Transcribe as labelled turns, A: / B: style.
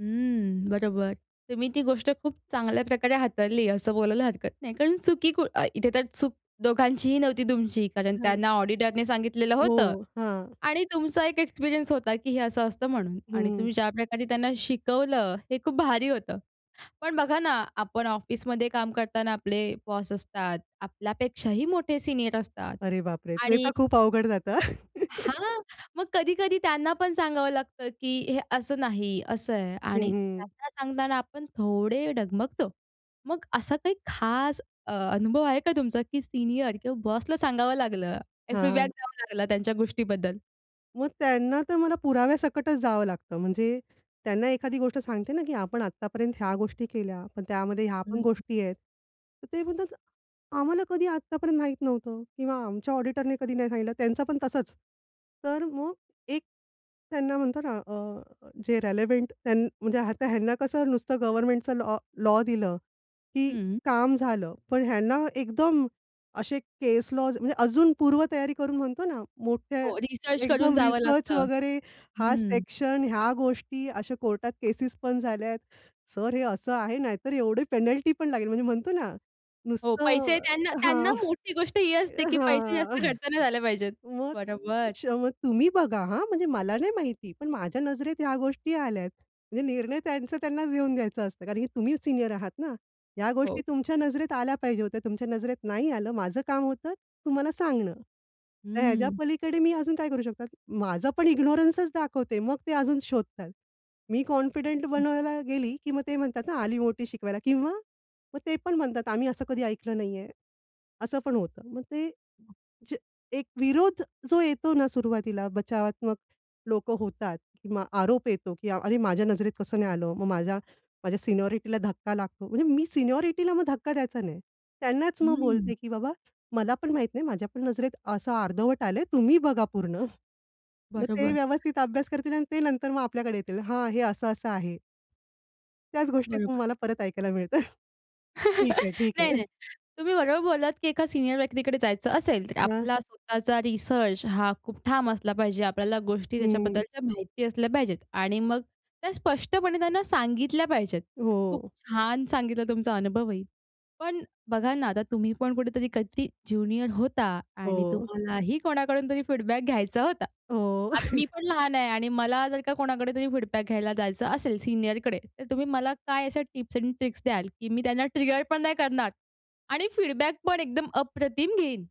A: हं, बरोबर. तुम्ही ती गोष्ट खूप चांगल्या प्रकारे हाताळली असं बोलायला हरकत नाही, कारण चुकी कु अ, इथे तर चूक दोघांचीही नव्हती तुमची, कारण
B: हं.
A: त्यांना ऑडिटरने सांगितलेलं होतं
B: हो, हां.
A: आणि तुमचा एक एक्सपिरियन्स होता, की हे असं असतं म्हणून आणि
B: हं.
A: तुम्ही ज्या प्रकारे त्यांना शिकवलं, हे खूप भारी होतं. पण बघा ना, आपण ऑफिसमध्ये काम करताना आपले बॉस असतात, आपल्यापेक्षाही मोठे सीनियर असतात
B: अरे बापरे! ते
A: आणि
B: तर खूप अवघड जातं.
A: हां, मग कधी-कधी त्यांना पण सांगावं लागतं, की "हे असं नाही, असं आहे"
B: हं,
A: आणि
B: हं.
A: त्यांना सांगताना आपण थोडे डगमगतो. मग असा काही खास अ, अनुभव आहे का तुमचा, की सीनियर किंवा बॉसला सांगावं लागलं काही फीडबॅक
B: हां.
A: द्यावा लागला त्यांच्या गोष्टीबद्दल?
B: मग त्यांना तर मला पुराव्यासकटच जावं लागतं. म्हणजे त्यांना एखादी गोष्ट सांगते ना, की "आपण आत्तापर्यंत ह्या गोष्टी केल्या पण त्यामध्ये ह्या
A: हं,
B: पण
A: हं.
B: गोष्टी आहेत." तर ते म्हणतात, "आम्हाला कधी आत्तापर्यंत माहीत नव्हतं किंवा आमच्या ऑडिटरने कधी नाही सांगितलं" त्यांचं पण तसच. तर मग एक त्यांना म्हणतात ना अ, जे रिलेव्हंट त्यां म्हणजे आता ह्यांना कसं नुसतं गव्हर्नमेंटचं लॉ लॉ दिलं, की
A: हं.
B: काम झालं. पण ह्यांना एकदम, असे केस लॉज म्हणजे अजून पूर्व तयारी करून म्हणतो ना, मोठे
A: हो, रिसर्च करून
B: एकदम
A: जावं
B: रिसर्च
A: लागतं.
B: वगैरे हा
A: हं.
B: सेक्शन ह्या गोष्टी, अशा कोर्टात केसेस पण झाल्या आहेत. "सर हे असं आहे नाहीतर एवढी पेनल्टी पण लागेल," म्हणजे म्हणतो ना,
A: हो, पैसे
B: नुसतं
A: त्यांना त्यांना
B: हां,
A: मोठी गोष्ट ही असते, की पैसे जास्त
B: हां.
A: खर्च नाही झाले पाहिजेत.
B: मग
A: बरोबर.
B: [unintelligible] तुम्ही बघा, हां म्हणजे मला नाही माहिती पण माझ्या नजरेत ह्या गोष्टी आल्यात. म्हणजे निर्णय त्यांचं त्यांनाच घेऊन द्यायचं असतं कारण की तुम्ही सीनियर आहात ना. ह्या गोष्टी
A: हो.
B: तुमच्या नजरेत आल्या पाहिजे होत्या तुमच्या नजरेत नाही आलं, माझं काम होतं तुम्हाला सांगणं. तर ह्याच्या
A: हं.
B: पलीकडे मी अजून काय करू शकतात? माझं पण इग्नोरन्सचं दाखवते. मग ते अजून शोधतात. मी कॉन्फिडंट
A: [unintelligible]
B: बनवायला गेली, की मग ते म्हणतात ना, "आली मोठी शिकवायला" किंवा मग ते पण म्हणतात, "आम्ही असं कधी ऐकलं नाही आहे. असं पण होतं. मग ते, जे एक विरोध जो येतो ना सुरुवातीला, बचावात्मक लोकं होतात किंवा आरोप येतो, की अरे माझ्या नजरेत कसं नाही आलं? मग माझ्या माझ्या सिनियॉरिटीला धक्का लागतो, म्हणजे मी सिनियॉरिटीला मग धक्का द्यायचा नाही. त्यांनाच मग बोलते,
A: हं.
B: की "बाबा, मला पण माहित नाही माझ्या पण नजरेत असं अर्धवट आलंय तुम्ही बघा पूर्ण." मग ते
A: बरोबर.
B: व्यवस्थित अभ्यास करतील अन् ते नंतर मग आपल्याकडे येतील, हां, हे असं-असं आहे. त्याच गोष्टीत मग
A: बरोबर.
B: मला परत ऐकायला मिळतं. ठीक आहे, ठीक आहे.
A: नाही-नाही. तुम्ही बरोबर बोललात, की एका सीनियर व्यक्तीकडे जायचं असेल तर
B: हां.
A: आपला स्वतःचा रिसर्च हा खूप ठाम असला पाहिजे. आपल्याला गोष्टी
B: हं.
A: त्याच्याबद्दलच्या माहिती असल्या पाहिजेत आणि मग त्या स्पष्टपणे त्यांना सांगितल्या पाहिजेत. खूप
B: हो.
A: छान सांगितला तुमचा अनुभवही. पण बघा ना, आता तुम्ही पण कुठेतरी कधी ज्युनियर होता आणि
B: हो.
A: तुम्हालाही कोणाकडून तरी फीडबॅक घ्यायचा होता.
B: हो.
A: आता मी पण लहान आहे आणि मला जर का कोणाकडे तरी फीडबॅक घ्यायला जायचं असेल सीनियरकडे तर तुम्ही मला काय अशा टिप्स एंड ट्रिक्स द्याल, की मी त्यांना ट्रिगर पण नाही करणार आणि फीडबॅक पण एकदम अप्रतिम घेईन?